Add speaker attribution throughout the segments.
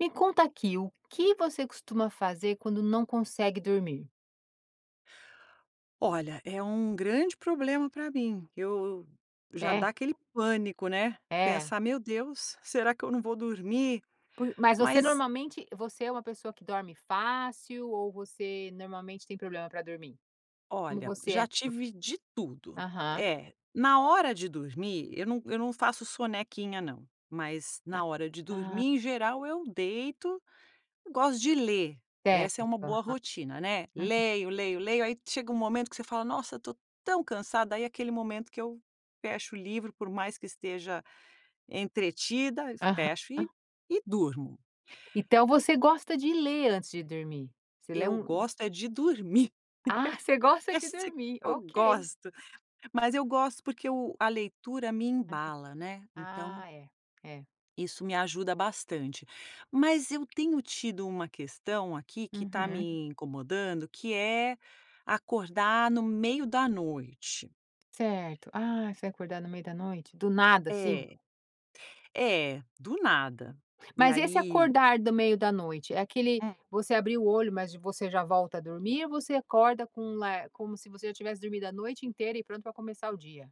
Speaker 1: Me conta aqui. O que você costuma fazer quando não consegue dormir?
Speaker 2: Olha, é um grande problema pra mim. Eu eu já
Speaker 1: É.
Speaker 2: dá aquele pânico, né?
Speaker 1: É?
Speaker 2: Pensar: "Meu Deus, será que eu não vou dormir?"
Speaker 1: Por mas você
Speaker 2: Mas
Speaker 1: normalmente você é uma pessoa que dorme fácil? Ou você normalmente tem problema para dormir? Como
Speaker 2: Olha,
Speaker 1: você é?
Speaker 2: já tive de tudo.
Speaker 1: Aham.
Speaker 2: É, na hora de dormir, eu não eu não faço sonequinha não. Mas
Speaker 1: Ah,
Speaker 2: na hora de dormir
Speaker 1: ah.
Speaker 2: em geral eu deito, gosto de ler. Essa é uma
Speaker 1: Certo.
Speaker 2: boa rotina, né?
Speaker 1: [unintelligible] uhum.
Speaker 2: Leio, leio, leio aí chega um momento que você fala: "Nossa estou tão cansada," aí é aquele momento que eu fecho o livro por mais que esteja entretida, fecho e
Speaker 1: Aham.
Speaker 2: e durmo.
Speaker 1: Então você gosta de ler antes de dormir? Você lê
Speaker 2: Eu
Speaker 1: um
Speaker 2: gosto é de dormir.
Speaker 1: Ah, você gosta de
Speaker 2: Isso que
Speaker 1: dormir?
Speaker 2: eu
Speaker 1: Ok.
Speaker 2: gosto, mas eu gosto porque a leitura me embala,
Speaker 1: [unintelligible]
Speaker 2: né? Então
Speaker 1: Ah é, é.
Speaker 2: isso me ajuda bastante. Mas eu tenho tido uma questão aqui que tá
Speaker 1: Uhum.
Speaker 2: me incomodando que é acordar no meio da noite.
Speaker 1: Certo, ah, você acordar no meio da noite, do nada assim?
Speaker 2: É, é do nada. E
Speaker 1: Mas esse
Speaker 2: aí
Speaker 1: acordar do meio da noite, é aquele,
Speaker 2: Hum.
Speaker 1: você abriu o olho mas você já volta a dormir ou você acorda com lar como se você já tivesse dormido a noite inteira e pronta pra começar o dia?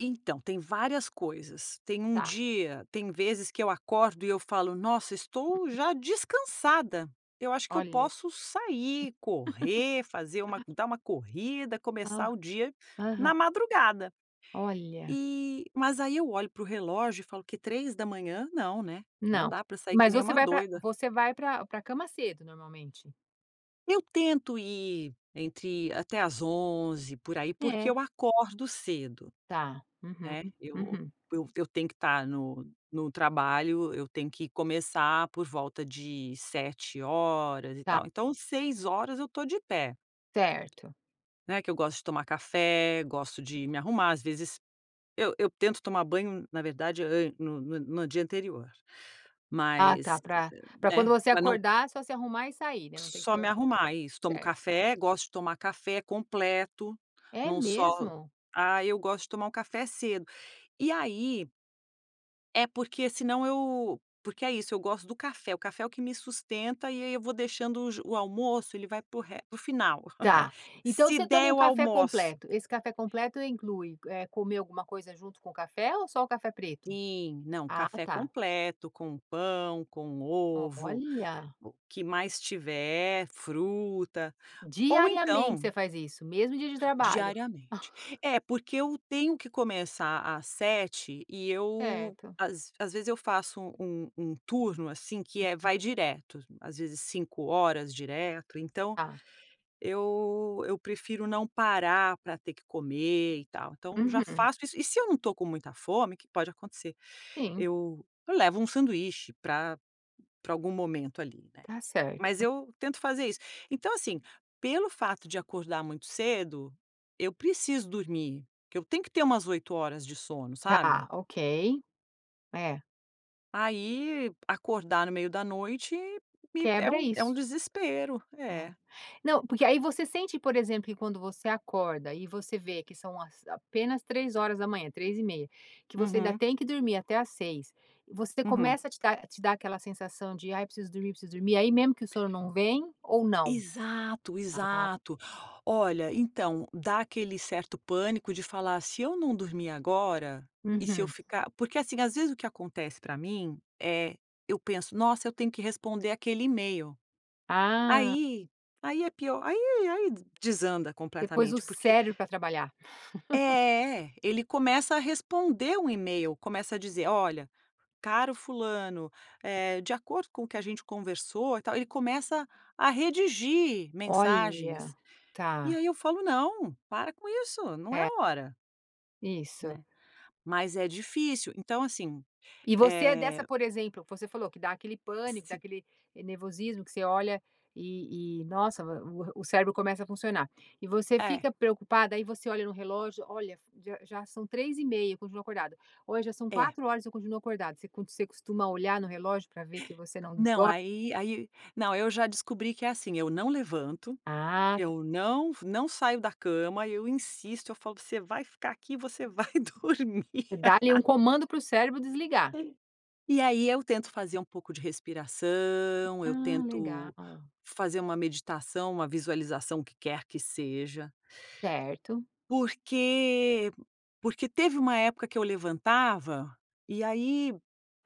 Speaker 2: Então tem várias coisas, tem um
Speaker 1: Tá.
Speaker 2: dia tem vezes que eu acordo e eu falo nossa estou já descansada, eu acho que eu
Speaker 1: Olha.
Speaker 2: posso sair, correr, fazer uma dar uma corrida, começar
Speaker 1: Ah.
Speaker 2: o dia na
Speaker 1: Aham.
Speaker 2: madrugada.
Speaker 1: Olha.
Speaker 2: E mas aí eu olho para o relógio e falo que 03:00 não, né. Não
Speaker 1: Não.
Speaker 2: dá pra sair que
Speaker 1: Mas
Speaker 2: nem
Speaker 1: você
Speaker 2: uma
Speaker 1: vai pra
Speaker 2: doida.
Speaker 1: você vai pra pra cama cedo normalmente?
Speaker 2: Eu tento ir entre até às 11:00, por aí, porque
Speaker 1: É.
Speaker 2: eu acordo cedo.
Speaker 1: Tá. Uhum.
Speaker 2: Né, eu
Speaker 1: Uhum.
Speaker 2: eu tenho que tá no no trabalho, eu tenho que começar por volta de 07:00, e
Speaker 1: Tá.
Speaker 2: tal. Então, 06:00 eu tô de pé.
Speaker 1: Certo.
Speaker 2: Né, que eu gosto de tomar café, gosto de me arrumar às vezes eu eu tento tomar banho na verdade eu no no no dia anterior.
Speaker 1: Ah tá,
Speaker 2: Mas,
Speaker 1: pra pra quando
Speaker 2: né,
Speaker 1: você
Speaker 2: pra não
Speaker 1: acordar é só se arrumar e sair, né, não tem que
Speaker 2: Só
Speaker 1: ter
Speaker 2: me
Speaker 1: o
Speaker 2: arrumar, isso tomo
Speaker 1: certo.
Speaker 2: café, gosto de tomar café completo
Speaker 1: É
Speaker 2: não só
Speaker 1: mesmo?
Speaker 2: ah, eu gosto de tomar um café cedo. E aí É porque senão eu porque é isso eu gosto do café, o café é o que me sustenta e aí eu vou deixando o j o almoço ele vai para o res para o final.
Speaker 1: Tá. Então
Speaker 2: Se
Speaker 1: você
Speaker 2: der
Speaker 1: toma um
Speaker 2: eu
Speaker 1: café
Speaker 2: almoço.
Speaker 1: completo. Esse café completo inclui, eh, comer alguma coisa junto com o café ou só o café preto?
Speaker 2: Sim, não,
Speaker 1: Ah
Speaker 2: café
Speaker 1: tá.
Speaker 2: completo, com pão, com ovo,
Speaker 1: Olha.
Speaker 2: o que mais tiver, fruta ou
Speaker 1: Diariamente
Speaker 2: então
Speaker 1: você faz isso, mesmo dia de trabalho?
Speaker 2: Diariamente. É porque eu tenho que começar às 07:00 e eu
Speaker 1: Certo.
Speaker 2: às às vezes eu faço um um turno assim que é vai direto, às vezes 5 horas direto, então
Speaker 1: Tá.
Speaker 2: eu eu prefiro não parar pra ter que comer, e tal. Então eu já
Speaker 1: Uhum.
Speaker 2: faço isso. E se eu não estou com muita fome, o que pode acontecer,
Speaker 1: Sim.
Speaker 2: eu eu levo um sanduíche pra pra algum momento ali, né.
Speaker 1: Tá
Speaker 2: Mas
Speaker 1: certo.
Speaker 2: eu tento fazer isso. Então assim, pelo fato de acordar muito cedo, eu preciso dormir porque eu tenho que ter umas 8 horas de sono,
Speaker 1: Tá
Speaker 2: sabe.
Speaker 1: ok. É.
Speaker 2: Aí acordar no meio da noite me é
Speaker 1: Quebra
Speaker 2: um é um
Speaker 1: isso.
Speaker 2: desespero,
Speaker 1: É.
Speaker 2: é.
Speaker 1: Não, porque aí você sente por exemplo que quando você acorda e você vê que são as apenas 03:00, 03:30, que você ainda
Speaker 2: Uhum.
Speaker 1: tem que dormir até às 06:00 você
Speaker 2: Uhum.
Speaker 1: começa a te dar te dar aquela sensação de: "Ai preciso dormir, preciso dormir." Aí mesmo que o sono não vem ou não?
Speaker 2: Exato,
Speaker 1: Ah.
Speaker 2: exato. Olha então dá aquele certo pânico de falar: "Se eu não dormir agora e se eu
Speaker 1: Uhum.
Speaker 2: ficar" Porque assim às vezes o que acontece pra mim, eh, eu penso: "Nossa eu tenho que responder aquele email."
Speaker 1: Ah.
Speaker 2: Aí aí é pior aí aí desanda
Speaker 1: Você pôs o
Speaker 2: completamente porque
Speaker 1: cérebro pra trabalhar.
Speaker 2: É ele começa a responder o email, começa a dizer: "Olha caro fulano, eh, de acordo com o que a gente conversou, e tal." Ele começa a redigir
Speaker 1: Olha,
Speaker 2: mensagens. E
Speaker 1: tá.
Speaker 2: aí eu falo: "Não, para com isso, não é
Speaker 1: É.
Speaker 2: a hora."
Speaker 1: Isso.
Speaker 2: Né? Mas é difícil. Então, assim,
Speaker 1: E você é dessa,
Speaker 2: eh
Speaker 1: por exemplo você falou que dá aquele pânico, dá
Speaker 2: Sim.
Speaker 1: aquele nervosismo que você olha e e, nossa, o o cérebro começa a funcionar. E você
Speaker 2: É.
Speaker 1: fica preocupada, e você olha no relógio: "Olha, já já são 03:30 eu continuo acordada, ou já são
Speaker 2: É.
Speaker 1: 04:00 eu continuo acordada". Você const você costuma olhar no relógio pra ver que você não
Speaker 2: Não
Speaker 1: dorme?
Speaker 2: aí aí não, eu já descobri que é assim: eu não levanto,
Speaker 1: Ah, t
Speaker 2: eu não não saio da cama, eu insisto, eu falo: "Você vai ficar aqui! Você vai dormir!"
Speaker 1: Dá ali um comando para o cérebro desligar?
Speaker 2: Sim. E aí eu tento fazer um pouco de respiração, eu
Speaker 1: Ah,
Speaker 2: tento
Speaker 1: legal.
Speaker 2: fazer uma meditação, uma visualização que quer que seja.
Speaker 1: Certo.
Speaker 2: Porque porque teve uma época que eu levantava e aí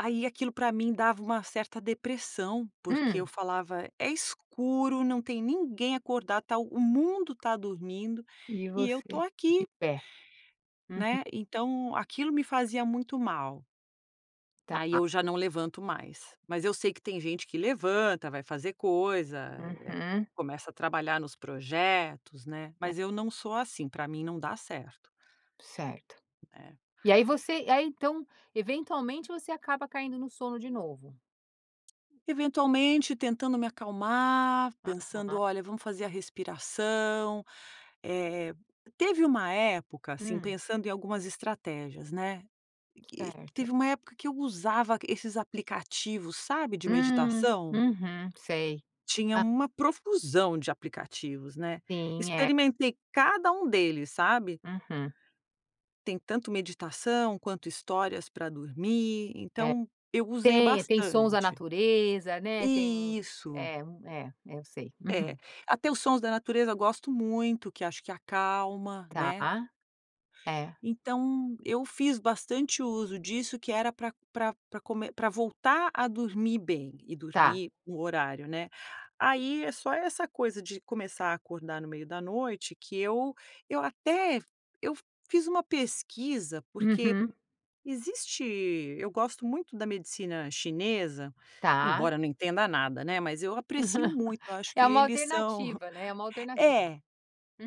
Speaker 2: aí aquilo pra mim dava uma certa depressão. Porque eu
Speaker 1: Hum.
Speaker 2: falava: "É escuro, não tem ninguém acordado, tá o mundo tá dormindo
Speaker 1: E
Speaker 2: e eu tô
Speaker 1: você de
Speaker 2: aqui".
Speaker 1: pé. Uhum.
Speaker 2: Né? Então aquilo me fazia muito mal.
Speaker 1: Tá,
Speaker 2: Aí
Speaker 1: a
Speaker 2: eu já não levanto mais. Mas eu sei que tem gente que levanta, vai fazer coisa, eh,
Speaker 1: Uhum.
Speaker 2: começa a trabalhar nos projetos, né.
Speaker 1: É.
Speaker 2: Mas eu não sou assim, pra mim não dá certo.
Speaker 1: Certo.
Speaker 2: Né.
Speaker 1: E aí você aí então, eventualmente, você acaba caindo no sono de novo?
Speaker 2: Eventualmente tentando me acalmar, pensando:
Speaker 1: Aham.
Speaker 2: "Olha, vamos fazer a respiração". Eh, teve uma época, assim,
Speaker 1: Hum.
Speaker 2: pensando em algumas estratégias, né. Que
Speaker 1: Certo.
Speaker 2: teve uma época que eu usava esses aplicativos, sabe, de
Speaker 1: Hum,
Speaker 2: meditação?
Speaker 1: uhum, sei.
Speaker 2: Tinha
Speaker 1: A
Speaker 2: uma profusão de aplicativos, né.
Speaker 1: Sim é.
Speaker 2: Experimentei cada um deles, sabe.
Speaker 1: Uhum.
Speaker 2: Tem tanto meditação, quanto histórias pra dormir,
Speaker 1: É.
Speaker 2: então eu usei
Speaker 1: Tem, tem sons na
Speaker 2: bastante.
Speaker 1: natureza, né, tem
Speaker 2: Isso.
Speaker 1: é, hum, é, eu sei.
Speaker 2: É,
Speaker 1: Uhum.
Speaker 2: até os sons da natureza eu gosto muito, que acho que acalma,
Speaker 1: Tá.
Speaker 2: né.
Speaker 1: É.
Speaker 2: Então eu fiz bastante uso disso que era pra pra pra come pra voltar a dormir bem e
Speaker 1: Tá.
Speaker 2: dormir no horário, né. Aí é só essa coisa de começar a acordar no meio da noite que eu eu até eu fi fiz uma pesquisa. Porque
Speaker 1: Uhum.
Speaker 2: existe eu gosto muito da medicina chinesa,
Speaker 1: Tá.
Speaker 2: embora não entenda nada, né, mas eu aprecio muito, eu acho que
Speaker 1: É uma
Speaker 2: eles são
Speaker 1: alternativa, né, é uma alternativa.
Speaker 2: é,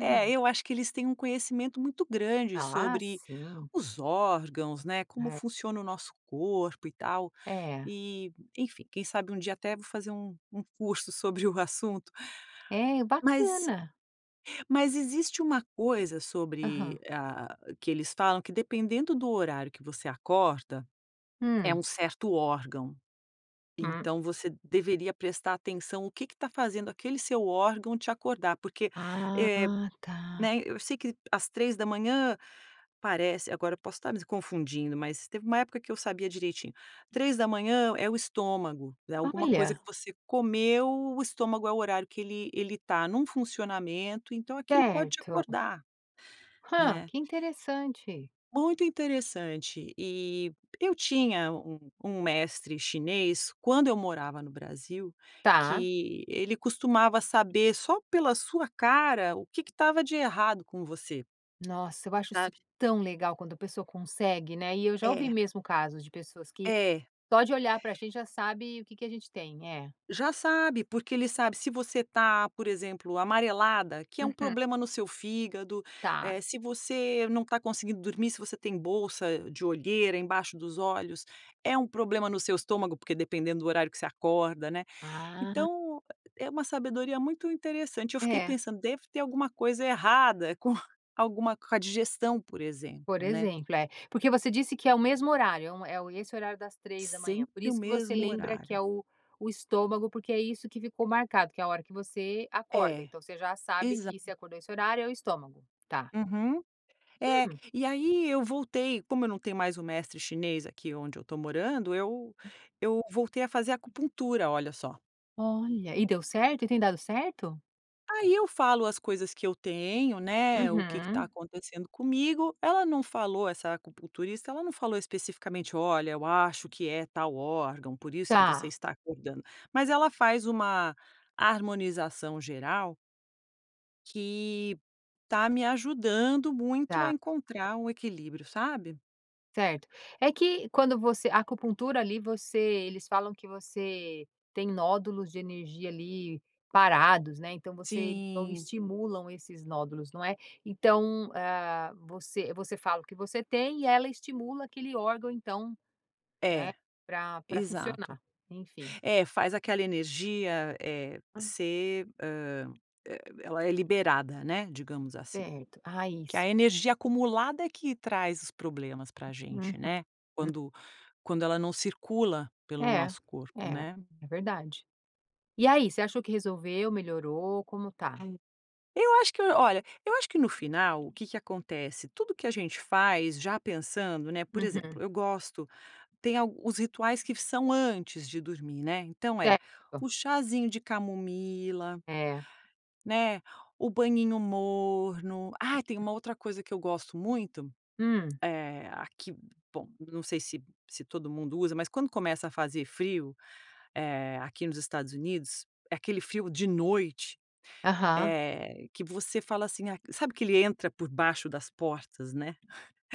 Speaker 2: é eu acho que eles têm um conhecimento muito grande
Speaker 1: Ah,
Speaker 2: sobre
Speaker 1: sim.
Speaker 2: os órgãos, né, como
Speaker 1: É.
Speaker 2: funciona o nosso corpo e tal.
Speaker 1: É.
Speaker 2: E, enfim, quem sabe um dia até vou fazer um um curso sobre o assunto.
Speaker 1: É, e
Speaker 2: Mas
Speaker 1: bacana.
Speaker 2: mas existe uma coisa
Speaker 1: Aham.
Speaker 2: sobre a a que eles falam que dependendo do horário que você acorda, é
Speaker 1: Hum.
Speaker 2: um certo órgão.
Speaker 1: Hum.
Speaker 2: Então você deveria prestar atenção o que que tá fazendo aquele seu órgão te acordar, porque, eh
Speaker 1: Ah, tá.
Speaker 2: né. Eu sei que, às 03:00, parece agora eu posso estar me confundindo, mas teve uma época que eu sabia direitinho. 03:00 é o estômago, é alguma coisa
Speaker 1: Olha!
Speaker 2: que você comeu, o estômago é o horário que ele ele tá num funcionamento, então aquilo pode te
Speaker 1: Certo.
Speaker 2: acordar,
Speaker 1: Hã!
Speaker 2: né.
Speaker 1: Que interessante.
Speaker 2: Muito interessante. E eu tinha um um mestre chinês, quando eu morava no Brasil,
Speaker 1: Tá.
Speaker 2: que ele costumava saber só pela sua cara o que que estava de errado com você.
Speaker 1: Nossa, eu acho isso
Speaker 2: Sabe?
Speaker 1: tão legal quando a pessoa consegue, né. E eu já ouvi
Speaker 2: É.
Speaker 1: mesmo casos de pessoas que
Speaker 2: É.
Speaker 1: só de olhar pra gente já sabe o que que a gente tem, é.
Speaker 2: Já sabe, porque ele sabe se você tá, por exemplo, amarelada, que é um
Speaker 1: Uhum.
Speaker 2: problema no seu fígado,
Speaker 1: Tá.
Speaker 2: eh, se você não tá conseguindo dormir, se você tem bolsa de olheiras embaixo dos olhos, é um problema no seu estômago, porque dependendo do horário que você acorda, né.
Speaker 1: Ah.
Speaker 2: Então, é uma sabedoria muito interessante, eu fiquei
Speaker 1: É.
Speaker 2: pensando, deve ter alguma coisa errada com alguma com a digestão, por
Speaker 1: Por
Speaker 2: exemplo, né.
Speaker 1: exemplo, é. Porque você disse que é o mesmo horário, é um é o e esse horário das 03:00, por
Speaker 2: Sempre o
Speaker 1: isso que você
Speaker 2: mesmo
Speaker 1: lembra que é
Speaker 2: horário.
Speaker 1: o o estômago, porque é isso que ficou marcado, que é a hora que você acorda,
Speaker 2: É.
Speaker 1: então você já sabe que você
Speaker 2: Exata
Speaker 1: acordou esse horário é o estômago? Tá.
Speaker 2: Uhum. É,
Speaker 1: Hum?
Speaker 2: e aí eu voltei, como eu não tenho mais o mestre chinês aqui onde eu tô morando, eu eu voltei a fazer acupuntura, olha só.
Speaker 1: Olha, e deu certo? E tem dado certo?
Speaker 2: Aí eu falo as coisas que eu tenho, né, o que que tá
Speaker 1: Uhum.
Speaker 2: acontecendo comigo, ela não falou, essa acupunturista, ela não falou especificamente: "Olha, eu acho que é tal órgão, por isso que você
Speaker 1: Tá.
Speaker 2: está acordando". Mas ela faz uma harmonização geral que tá me ajudando muito a
Speaker 1: Tá.
Speaker 2: encontrar o equilíbrio, sabe?
Speaker 1: Certo. É que quando você a acupuntura ali você eles falam que você tem nódulos de energia ali parados, né, então você então
Speaker 2: Sim.
Speaker 1: estimulam esses nódulos, não é então, hã, você você fala o que você tem e ela estimula aquele órgão então né?
Speaker 2: É,
Speaker 1: Pra pra
Speaker 2: exato.
Speaker 1: funcionar, enfim.
Speaker 2: É, faz aquela energia, eh,
Speaker 1: Hã.
Speaker 2: ser, hã, e ela é liberada, né, digamos assim.
Speaker 1: Certo, a
Speaker 2: Que a
Speaker 1: isso
Speaker 2: energia acumulada é que traz os problemas pra
Speaker 1: Uhum,
Speaker 2: gente, né?
Speaker 1: hum.
Speaker 2: Quando quando ela não circula pelo o
Speaker 1: É,
Speaker 2: nosso corpo,
Speaker 1: é,
Speaker 2: né?
Speaker 1: é verdade. E aí, você achou que resolveu? Melhorou? Como tá?
Speaker 2: Eu acho que olha, eu acho que no final o que que acontece? Tudo que a gente faz já pensando, né, por exemplo,
Speaker 1: Uhum.
Speaker 2: eu gosto tem al os rituais que são antes de dormir, né? Então é,
Speaker 1: Certo.
Speaker 2: o chazinho de camomila,
Speaker 1: É.
Speaker 2: né, o banhinho morno. Ah, tem uma outra coisa que eu gosto muito,
Speaker 1: Hum.
Speaker 2: é aqui, bom, não sei se se todo mundo usa, mas quando começa a fazer frio, eh aqui nos Estados Unidos, é aquele frio de noite,
Speaker 1: Aham.
Speaker 2: eh, que você fala assim, ah, sabe que ele entra por baixo das portas, né.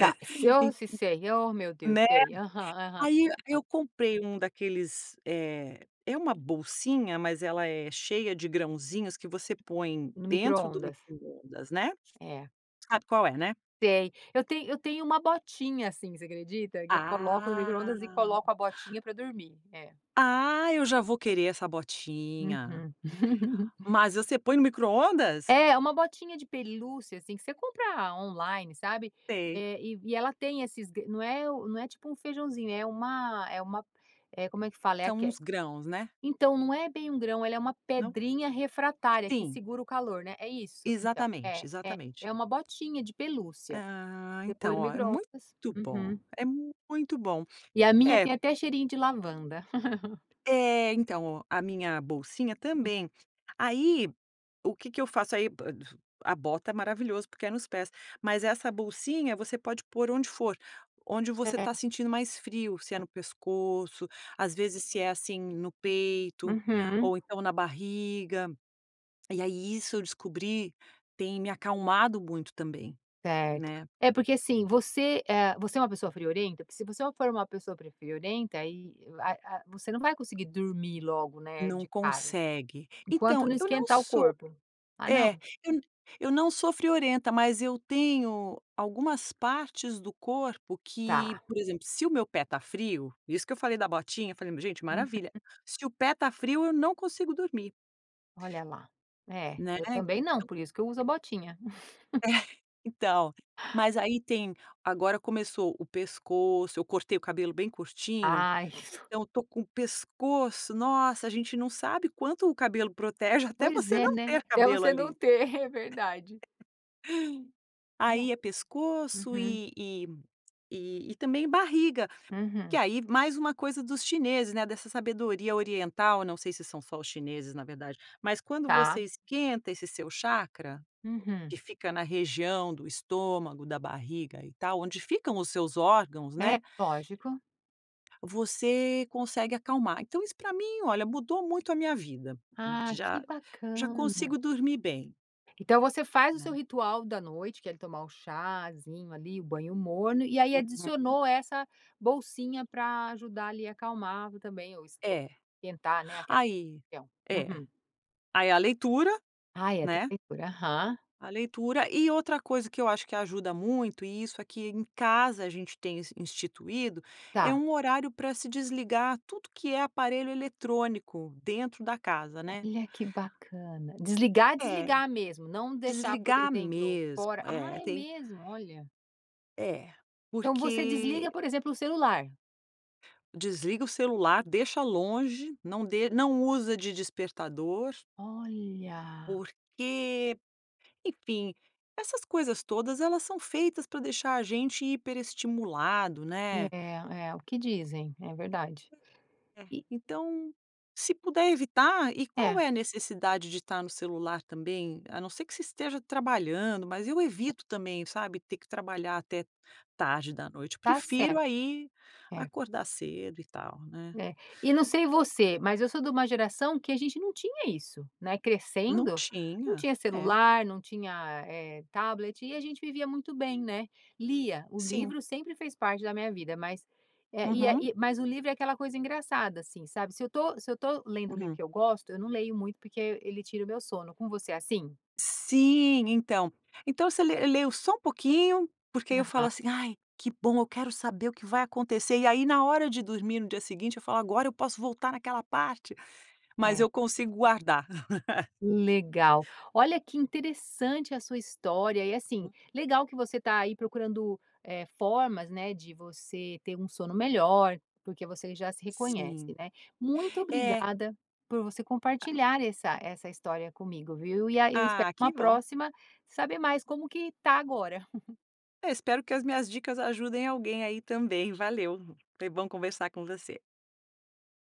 Speaker 1: Tá, se ó,
Speaker 2: [unintelligible]
Speaker 1: se sei, ó meu Deus,
Speaker 2: Né?
Speaker 1: sei, aham, aham,
Speaker 2: Aí e aí
Speaker 1: hã.
Speaker 2: eu comprei um daqueles, eh, é uma bolsinha, mas ela é cheia de grãozinhos que você põe
Speaker 1: No
Speaker 2: dentro do
Speaker 1: microondas?
Speaker 2: microondas, né,
Speaker 1: É.
Speaker 2: sabe qual é, né?
Speaker 1: Sei. Eu tenho eu tenho uma botinha assim, você acredita? Que eu coloco no
Speaker 2: Ah.
Speaker 1: microondas e coloco a botinha pra dormir. É.
Speaker 2: Ah, eu já vou querer essa botinha!
Speaker 1: Uhum.
Speaker 2: Mas você põe no microondas?
Speaker 1: É, é uma botinha de pelúcia, assim, que você compra on-line, sabe?
Speaker 2: Sei.
Speaker 1: Eh, e e ela tem esses g não é não é tipo um feijãozinho, é uma é uma é, como é que fala? É
Speaker 2: São
Speaker 1: aque
Speaker 2: uns grãos, né?
Speaker 1: então, não é bem um grão, ela é uma
Speaker 2: Não?
Speaker 1: pedrinha refratária que
Speaker 2: Sim.
Speaker 1: segura o calor, né? É isso? Então,
Speaker 2: Exatamente,
Speaker 1: é, é,
Speaker 2: exatamente.
Speaker 1: é uma botinha de pelúcia.
Speaker 2: Ah,
Speaker 1: Você põe
Speaker 2: então,
Speaker 1: no
Speaker 2: ó, é muito
Speaker 1: microondas.
Speaker 2: bom,
Speaker 1: Uhum.
Speaker 2: é muito bom.
Speaker 1: E a minha
Speaker 2: É.
Speaker 1: tem até cheirinho de lavanda.
Speaker 2: É, então, ó, a minha bolsinha
Speaker 1: Uhum.
Speaker 2: também. Aí, o que que eu faço? Aí, pa du a bota é maravilhoso, porque é nos pés, mas essa bolsinha você pode pôr onde for, onde você tá
Speaker 1: É.
Speaker 2: sentindo mais frio, se é no pescoço, às vezes se é, assim, no peito
Speaker 1: Uhum.
Speaker 2: ou então na barriga. E aí isso eu descobri, tem me acalmado muito também,
Speaker 1: Certo.
Speaker 2: né?
Speaker 1: É, porque, assim, você, eh, você é uma pessoa friorenta? Porque se você for uma pessoa friorenta e aí, ah ah, você não vai conseguir dormir logo, né,
Speaker 2: Não
Speaker 1: de cara,
Speaker 2: consegue. Então
Speaker 1: enquanto não
Speaker 2: eu não
Speaker 1: esquentar o
Speaker 2: sou
Speaker 1: corpo. Ah, não.
Speaker 2: é, eu n eu não sou friorenta, mas eu tenho algumas partes do corpo que,
Speaker 1: Tá.
Speaker 2: por exemplo, se o meu pé tá frio, isso que eu falei da botinha, falei, gente,
Speaker 1: Uhum.
Speaker 2: maravilha, se o pé tá frio eu não consigo dormir.
Speaker 1: Olha lá. É,
Speaker 2: Né?
Speaker 1: eu também não,
Speaker 2: Então
Speaker 1: por isso que eu uso a botinha.
Speaker 2: É, então, mas aí tem agora começou o pescoço, eu cortei o cabelo bem curtinho,
Speaker 1: Ai, que sus
Speaker 2: então eu tô com o pescoço nossa, a gente não sabe quanto o cabelo protege até
Speaker 1: Pois
Speaker 2: você
Speaker 1: é,
Speaker 2: não
Speaker 1: né?
Speaker 2: ter
Speaker 1: Até
Speaker 2: cabelo
Speaker 1: você não
Speaker 2: ali.
Speaker 1: ter, é verdade. E é
Speaker 2: Aí é pescoço
Speaker 1: uhum.
Speaker 2: e e e também barriga, que
Speaker 1: Uhum.
Speaker 2: aí mais uma coisa dos chineses, né, dessa sabedoria oriental, não sei se são só os chineses, na verdade, mas quando
Speaker 1: Tá.
Speaker 2: você esquenta esse seu chacra,
Speaker 1: Uhum.
Speaker 2: que fica na região do estômago, da barriga e tal, onde ficam os seus órgãos,
Speaker 1: É,
Speaker 2: né?
Speaker 1: lógico.
Speaker 2: Você consegue acalmar. Então isso para mim, olha, mudou muito a minha vida,
Speaker 1: Ah,
Speaker 2: já
Speaker 1: que
Speaker 2: já consigo
Speaker 1: bacana.
Speaker 2: dormir bem.
Speaker 1: Então você faz o seu
Speaker 2: Né.
Speaker 1: ritual da noite, que é tomar o chazinho ali, o banho morno e aí
Speaker 2: Uhum.
Speaker 1: adicionou essa bolsinha pra ajudar ali acalmar e também o esque
Speaker 2: É.
Speaker 1: esquentar, né, aquela
Speaker 2: Aí
Speaker 1: região.
Speaker 2: é,
Speaker 1: Uhum.
Speaker 2: aí a leitura,
Speaker 1: Ah é tem
Speaker 2: né?
Speaker 1: a leitura, aham.
Speaker 2: A leitura. E outra coisa que eu acho que ajuda muito, e isso aqui em casa a gente tem ins instituído, é
Speaker 1: Tá.
Speaker 2: um horário pra se desligar tudo que é aparelho eletrônico dentro da casa, né?
Speaker 1: Olha, que bacana, desligar,
Speaker 2: É,
Speaker 1: desligar mesmo? Não deixar, por
Speaker 2: desligar
Speaker 1: exemplo,
Speaker 2: mesmo,
Speaker 1: fora ah,
Speaker 2: é
Speaker 1: é
Speaker 2: tem
Speaker 1: mesmo? Olha.
Speaker 2: É,
Speaker 1: Então você desliga,
Speaker 2: porque
Speaker 1: por exemplo, o celular?
Speaker 2: Desliga o celular, deixa longe, não de não usa de despertador.
Speaker 1: Olha.
Speaker 2: Porque, enfim, essas coisas todas elas são feitas pra deixar a gente hiperestimulado, né?
Speaker 1: É, é, o que dizem, é verdade,
Speaker 2: É.
Speaker 1: e
Speaker 2: Então, se puder evitar, e qual é
Speaker 1: É.
Speaker 2: a necessidade de estar no celular também? A não ser que você esteja trabalhando, mas eu evito também, sabe, ter que trabalhar até tarde da noite. Eu
Speaker 1: Tá
Speaker 2: prefiro,
Speaker 1: certo.
Speaker 2: aí,
Speaker 1: É.
Speaker 2: acordar cedo e tal, né?
Speaker 1: É. E não sei você, mas eu sou de uma geração que a gente não tinha isso, né?
Speaker 2: Não
Speaker 1: Crescendo, não
Speaker 2: tinha.
Speaker 1: tinha
Speaker 2: É.
Speaker 1: celular, não tinha, eh, tablet e a gente vivia muito bem, né? Lia, o
Speaker 2: Sim.
Speaker 1: livro sempre fez parte da minha vida, mas é e é,
Speaker 2: Uhum.
Speaker 1: mas o livro é aquela coisa engraçada, assim, sabe? Se eu tô se eu tô lendo um livro
Speaker 2: Uhum.
Speaker 1: que eu gosto, eu não leio muito, porque ele tira o meu sono. Com você é assim?
Speaker 2: Sim, então então você le leio só um pouquinho, porque aí eu falo
Speaker 1: Aham.
Speaker 2: assim: "Ai, que bom eu quero saber o que vai acontecer" e aí na hora de dormir no dia seguinte, eu falo: "Agora eu posso voltar naquela parte", mas
Speaker 1: É.
Speaker 2: eu consigo guardar.
Speaker 1: Legal. Olha, que interessante a sua história e, assim, legal que você tá aí procurando, eh, formas, né, de você ter um sono melhor, porque você já se
Speaker 2: Sim.
Speaker 1: reconhece, né? Muito
Speaker 2: É.
Speaker 1: obrigada por você compartilhar essa essa história comigo, viu? E a eu espero
Speaker 2: Ah,
Speaker 1: uma
Speaker 2: que bom.
Speaker 1: próxima saber mais como que tá agora.
Speaker 2: Eu espero que as minhas dicas ajudem alguém aí também. Valeu, foi bom conversar com você.